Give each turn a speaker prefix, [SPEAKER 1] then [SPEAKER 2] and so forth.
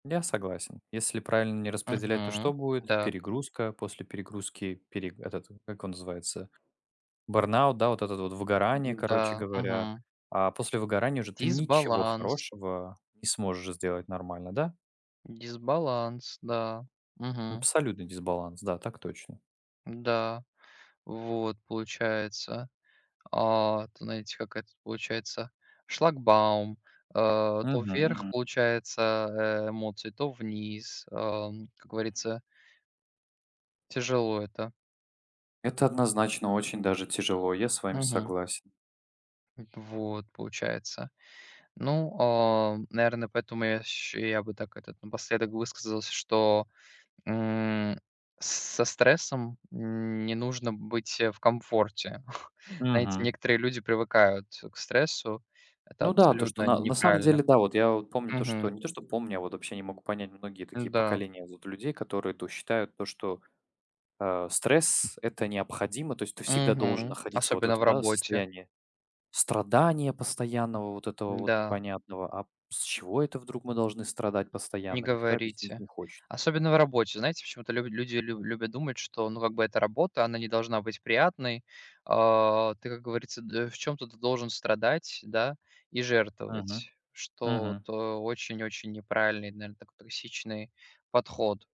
[SPEAKER 1] Я согласен. Если правильно не распределять, то что
[SPEAKER 2] Мгм,
[SPEAKER 1] будет?
[SPEAKER 2] да.
[SPEAKER 1] Перегрузка. После перегрузки пере этот, как его называется, бёрнаут, да, вот этот вот, выгорание, короче
[SPEAKER 2] М-да.
[SPEAKER 1] говоря.
[SPEAKER 2] Мгм.
[SPEAKER 1] А после выгорания уже ты ничего
[SPEAKER 2] Дисбаланс.
[SPEAKER 1] хорошего не сможешь сделать нормально, да?
[SPEAKER 2] Дисбаланс, да. Мгм.
[SPEAKER 1] Абсолютный дисбаланс, да, так точно.
[SPEAKER 2] М-да. Вот получается. А, т знаете, как это получается шлагбаум, а, то
[SPEAKER 1] Мгм
[SPEAKER 2] вверх
[SPEAKER 1] мгм.
[SPEAKER 2] получается, э, эмоции, то вниз, ам, как
[SPEAKER 1] Мгм.
[SPEAKER 2] говорится. Тяжело это.
[SPEAKER 1] Это однозначно очень даже тяжело. Я с вами
[SPEAKER 2] Мгм.
[SPEAKER 1] согласен.
[SPEAKER 2] В вот получается. Ну, а, наверное, поэтому я ща я бы так, этот, напоследок высказался, что, м, с со стрессом не нужно быть, э, в комфорте. Знаете,
[SPEAKER 1] Мгм.
[SPEAKER 2] некоторые люди привыкают, э, к стрессу, это
[SPEAKER 1] Ну да, то что
[SPEAKER 2] абсолютно
[SPEAKER 1] на на самом
[SPEAKER 2] неправильно.
[SPEAKER 1] деле, да, вот я, вот помню то что,
[SPEAKER 2] Мгм.
[SPEAKER 1] не то что помню, а вот вообще не могу понять многие такие
[SPEAKER 2] М-да.
[SPEAKER 1] поколения, вот, людей, которые то считают, то что, э, стресс- это необходимо. То есть ты всегда должен
[SPEAKER 2] Мгм,
[SPEAKER 1] находиться вот в
[SPEAKER 2] особенно в
[SPEAKER 1] этом, да,
[SPEAKER 2] работе.
[SPEAKER 1] состоянии страдания постоянного, вот этого вот
[SPEAKER 2] М-да.
[SPEAKER 1] непонятного. А п с чего это вдруг мы должны страдать
[SPEAKER 2] Не
[SPEAKER 1] постоянно, никто объяснить
[SPEAKER 2] говорите.
[SPEAKER 1] не хочет.
[SPEAKER 2] Особенно в работе. Знаете, почему-то лю люди лю любят думать, что, ну, как бы эта работа, она не должна быть приятной. А ты, как говорится, д в чём-то ты должен страдать, да и
[SPEAKER 1] Мгм.
[SPEAKER 2] жертвовать, что вот,
[SPEAKER 1] Мгм.
[SPEAKER 2] э, очень-очень неправильный, наверн токсичный подход.